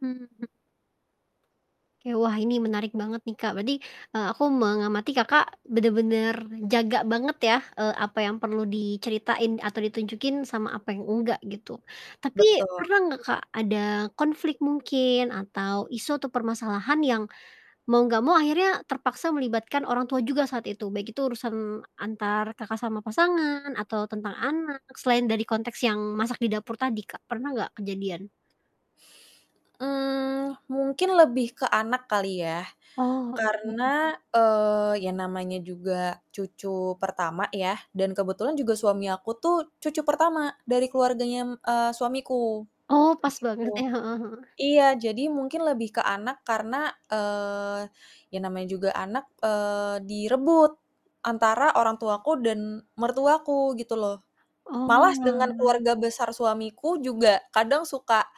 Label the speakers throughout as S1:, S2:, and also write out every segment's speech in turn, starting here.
S1: Mmm. Oke. Wah ini menarik banget nih Kak, berarti, eee, aku mengamati Kakak bener-bener jaga banget ya, eee, apa yang perlu diceritain atau ditunjukin sama apa yang enggak gitu. Tapi
S2: Betul.
S1: pernah gak Kak, ada konflik mungkin atau isu atau permasalahan yang mau gak mau akhirnya terpaksa melibatkan orang tua juga saat itu, baik itu urusan antar Kakak sama pasangan atau tentang anak selain dari konteks yang masak di dapur tadi Kak, pernah gak kejadian?
S2: Eee, mungkin lebih ke anak kali ya
S1: Oh, oke.
S2: karena, eee, ya namanya juga cucu pertama ya dan kebetulan juga suami aku tuh cucu pertama dari keluarganya, mmm, suamiku,
S1: Oh, pas
S2: gitu.
S1: banget ya, heeh heeh.
S2: Iya jadi mungkin lebih ke anak karena, eee, ya namanya juga anak, eee, direbut antara orang tuaku dan mertuaku gitu loh, malas dengan
S1: Oalah.
S2: keluarga besar suamiku juga kadang suka,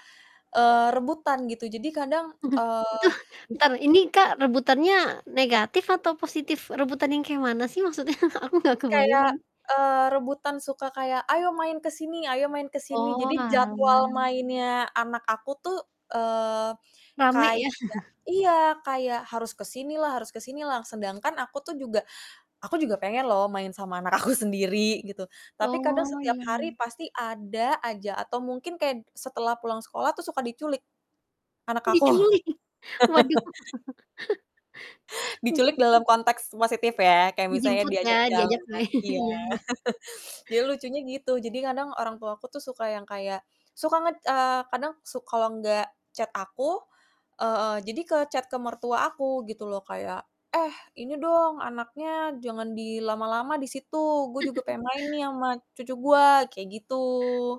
S2: eee, rebutan gitu, jadi kadang, eee
S1: Aduh, entar ini
S2: [unintelligible]
S1: Kak, rebutannya negatif atau positif? Rebutannya kek mana sih maksudnya? Aku gak kebayang
S2: Kayak,
S1: ini.
S2: eee, rebutan, suka kayak, "Ayo main ke sini ayo main ke sini." Jadi jadwal
S1: Oalah.
S2: mainnya anak aku tuh, eee,
S1: Rame
S2: kayak
S1: ya.
S2: iya kayak harus ke sini lah harus ke sini lah, sedangkan aku tuh juga aku juga pengen loh main sama anak aku sendiri gitu. Tapi kadang
S1: Oh,
S2: setiap
S1: iya
S2: hari
S1: iya.
S2: pasti ada aja atau mungkin kayak setelah pulang sekolah tuh suka diculik anak aku
S1: Diculik, waduh.
S2: Diculik dalam konteks positif ya kayak misalnya
S1: Dijemput ya,
S2: diajak
S1: diajak
S2: jalan,
S1: main,
S2: iya.
S1: iya iya.
S2: jadi lucunya gitu, jadi kadang orang tua aku tuh suka yang kayak suka nge eee, kadang su kalau nggak chat aku, eee, jadi ke chat ke mertua aku gitu loh kayak, "Eh ini dong anaknya jangan di lama-lama di situ, gua juga pengen main nih ama cucu gua," kayak gitu.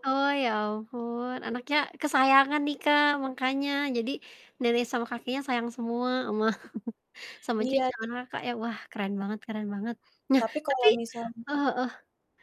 S1: Oh ya ampun, anaknya kesayangan nih Kak, mangkanya jadi nenek sama kakeknya sayang semua ama, cucu
S2: Iya.
S1: [unintelligible] Kakak ya, wah, keren banget keren banget. Nah
S2: Tapi
S1: tapi
S2: kalau misal
S1: eee, heeh.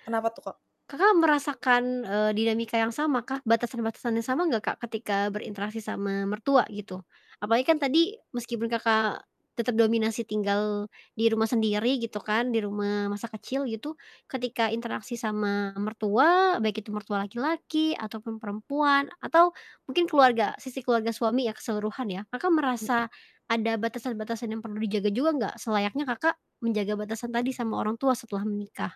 S2: Kenapa tuh Kak?
S1: Kakak merasakan, eee, dinamika yang sama kah, batasan-batasan yang sama gak Kak, ketika berinteraksi sama mertua gitu? Apalagi kan tadi meskipun Kakak tetap dominasi tinggal di rumah sendiri gitu kan, di rumah masa kecil gitu, ketika interaksi sama mertua baik itu mertua laki-laki ataupun perempuan, atau mungkin keluarga, sisi keluarga suami ya keseluruhan ya, Kakak
S2: M
S1: merasa ada batasan-batasan yang perlu dijaga juga gak? Selayaknya Kakak menjaga batasan tadi sama orang tua setelah menikah?